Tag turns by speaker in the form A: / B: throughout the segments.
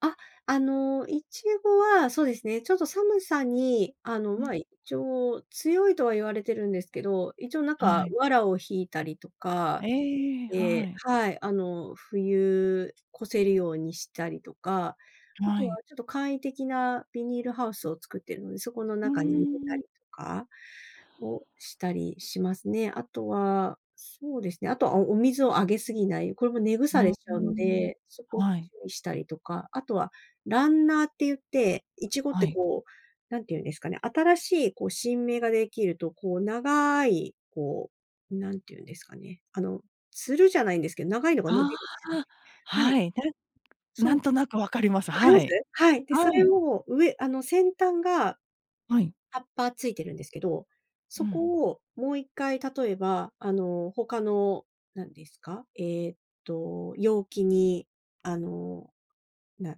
A: あ、あの、イチゴは、そうですね、ちょっと寒さに、あの、
B: うん。
A: ま、一応強いとは言われてるんですけど、一応なん
B: は
A: か
B: い。
A: 藁を引いたりとか
B: ええ、
A: え
B: は
A: え、
B: い。
A: はい、あの冬越せるようにしたりとか、あ
B: は
A: とは
B: い。
A: ちょっと簡易的なビニールハウスを作っているので、そこの
B: うー
A: 中に入れた
B: ん。
A: りとか。をしたりしますね。あとは、そうですね、あとはお水をあげすぎない、これも根
B: う
A: 腐れ
B: う
A: しち
B: ー
A: ゃうの
B: ん。
A: で、そこを
B: はい。
A: 注意したりとか、あとは、ランナーって言って、苺っ
B: は
A: て
B: い。
A: こう、何て言うんですかね、新しいこう新芽が出来ると、こう長い、こう、何て言うんですかね、あの、つるじゃないんですけど、長いのが伸
B: あ
A: びるんですね。
B: あ、
A: はい。
B: はい。な
A: そ
B: な
A: う、
B: んなんとなく分かります。
A: わかり
B: は
A: ます？
B: い。
A: はい、でそ
B: は
A: れ
B: い。
A: を上あの先端が
B: はい。
A: 葉っぱついてるんですけど、
B: う
A: そ
B: ん。
A: こをもう1回、例えば、あの、他の、何ですか、えっと、容器に、あの、な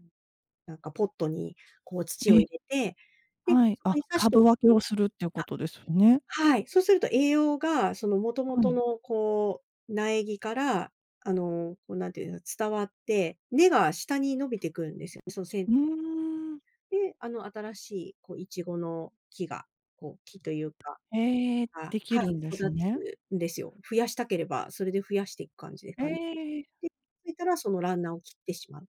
A: なんかポットにこう土
B: え
A: を
B: え。
A: 入れて、で、
B: はい、
A: そこ
B: あ、
A: に刺してお
B: 株
A: く
B: 分けを
A: と
B: するっていうことですね。
A: あ、はい、そうすると栄養が、その元々
B: はい。
A: のこう、苗木から、あの、こう何て言うんですか、伝わって、根が下に伸びてくるんですよ、そのせ
B: う
A: い
B: ーん。
A: で、あの、新しいこう苺の木が、こう、木というか。
B: へえ、
A: あ、
B: でき
A: は
B: る
A: い、
B: んです
A: 育
B: ね。
A: つんですよ。増やしたければ、それで増やしていく感じです
B: へ
A: かね。
B: え。
A: い、ぴいたら、そのランナーを切ってしまう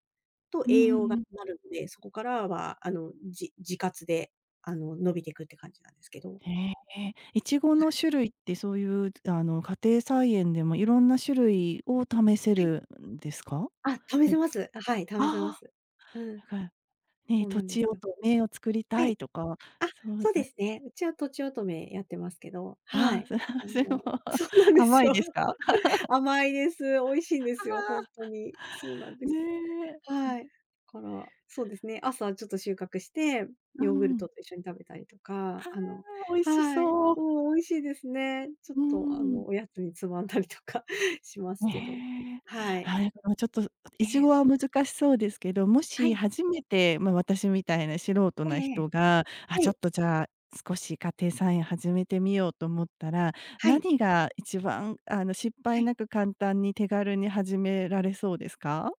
A: と、
B: うー
A: 栄養
B: ん、
A: が
B: うん。
A: なるんで、そこからはあの、じ自活で、あの、伸びていくって感じなんですけど。
B: へえ。苺
A: は
B: の
A: い。
B: 種類ってそういうあの、家庭菜園でもいろんな種類を試せ
A: はい。
B: るんですか？
A: あ、試
B: え。
A: せます。あ、はい、試せま
B: ああ。
A: す。うん。
B: なんか、
A: そ
B: ね、
A: う
B: と
A: なんで
B: ち
A: す
B: お
A: よ。
B: とめを作り
A: は
B: たい
A: い。
B: とか、
A: あ、
B: そう
A: そうで
B: ね。
A: すね、うちはとちおとめやってますけど、は
B: あ、
A: い。
B: わ
A: あ
B: あ、すご。
A: のそうなんで
B: 甘
A: す
B: い
A: よ。
B: ですか？
A: 甘いです、美味し
B: あ
A: いんですよ、ほんとに。そうなんで
B: あ。
A: す。
B: ね
A: はい。
B: え。
A: から、そうですね、朝ちょっと収穫して、
B: うー
A: ヨーグル
B: ん。
A: トと一緒に食べたりとか、
B: ああ、
A: あの
B: 美味し
A: はい、
B: そう。
A: もう美味しいですね。ちょっ
B: う
A: とあ
B: ーん。
A: の、おやつにつまんだりとかしますけど
B: ね。
A: はい。
B: はい、もうちょっと、
A: え
B: イチ
A: え。
B: ゴは難しそうですけど、も
A: は
B: し
A: い。
B: 初めて、ま、私みたいな素人
A: え
B: な
A: えええ。
B: 人が「あ、
A: は
B: ちょっ
A: い。
B: とじゃあ、少し家庭菜園を始めてみよう」と思ったら、
A: はい。
B: 何が一番あの失
A: は
B: 敗
A: い。
B: なく簡単に手軽に始められそうですか？